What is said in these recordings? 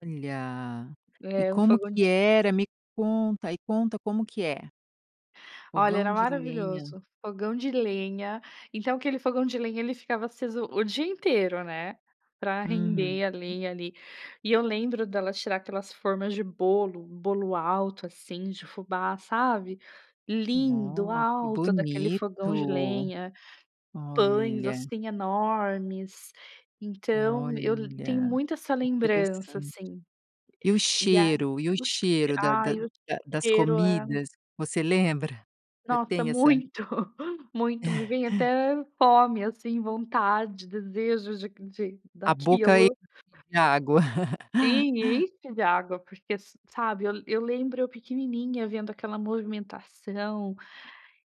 Olha, e É um como fogão que de era me conta, e conta como que é? Olha Fogão era de lenha. maravilhoso, fogão de lenha, então aquele fogão de lenha, ele ficava aceso o dia inteiro, né, pra Uhum. render a lenha ali. E eu lembro dela tirar aquelas formas de bolo, bolo alto, assim, de fubá sabe. Lindo, Ó que alto, daquele fogão de bonito. lenha, pães, Olha. assim, enormes. Então eu tenho Olha, muito essa lembrança interessante. assim. E o E ai cheiro, e o o che cheiro da da ai o da das cheiro é comidas? Você lembra? Você Nossa tem essa muito, muito. Me vem até fome, assim, vontade, desejos de de A boca enche daquilo. de água. Sim, enche de água, porque sa sabe, eu eu lembro eu pequenininha vendo aquela movimentação,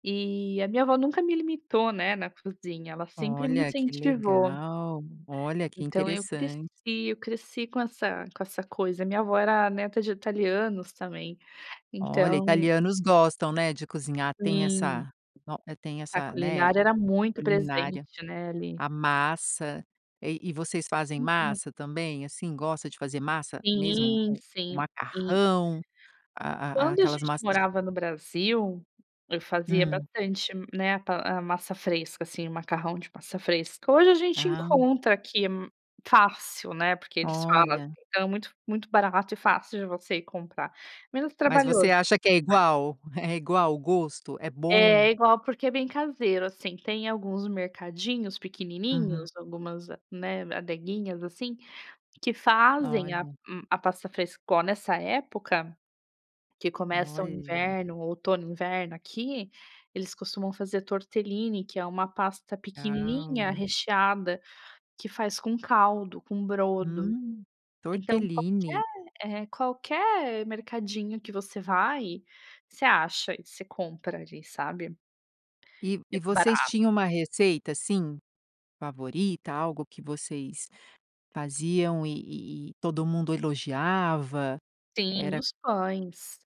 e a minha avó nunca me limitou, né, na cozinha, ela sempre me Olha que incentivou. legal, olha que Então eu cresci interessante. eu cresci com essa com essa coisa, minha avó era neta de italianos também, Olha, então italianos gostam, né, de cozinhar, tem Sim. essa no tem A essa, né, culinária era muito culinária, presente, né, a ali. massa, eh e vocês fazem Uhum. massa também? Assim, gosta de fazer massa mesmo, Sim, o o sim, e macarrão, a a a quando a aquelas gente massas de morava no Brasil, eu fazia Hum. bastante, né, pa a massa fresca, assim, o macarrão de massa fresca, hoje a gente Ah. encontra aqui m fácil, né, porque eles falam, Olha. então é muito muito barato e fácil de você ir comprar, menos Mas você trabalhoso acha que é igual? É igual o gosto? É É, bom? é igual, porque é bem caseiro, assim, tem alguns mercadinhos Uhum. pequenininhos, algumas, né, adeguinhas, assim, que fazem a Olha. um a pasta frescor nessa época, que começa o Olha. inverno o outono inverno aqui, eles costumam fazer tortelline, que é uma pasta pequenininha Legal. recheada, que faz com caldo, com brodo. Hum, Então tortellini. qualquer, eh, qualquer mercadinho que você vai, você acha e você compra, ali, sabe? E e É vocês barato. tinham uma receita, assim, favorita, algo que vocês faziam e e todo mundo elogiava? Sim, Era os pães.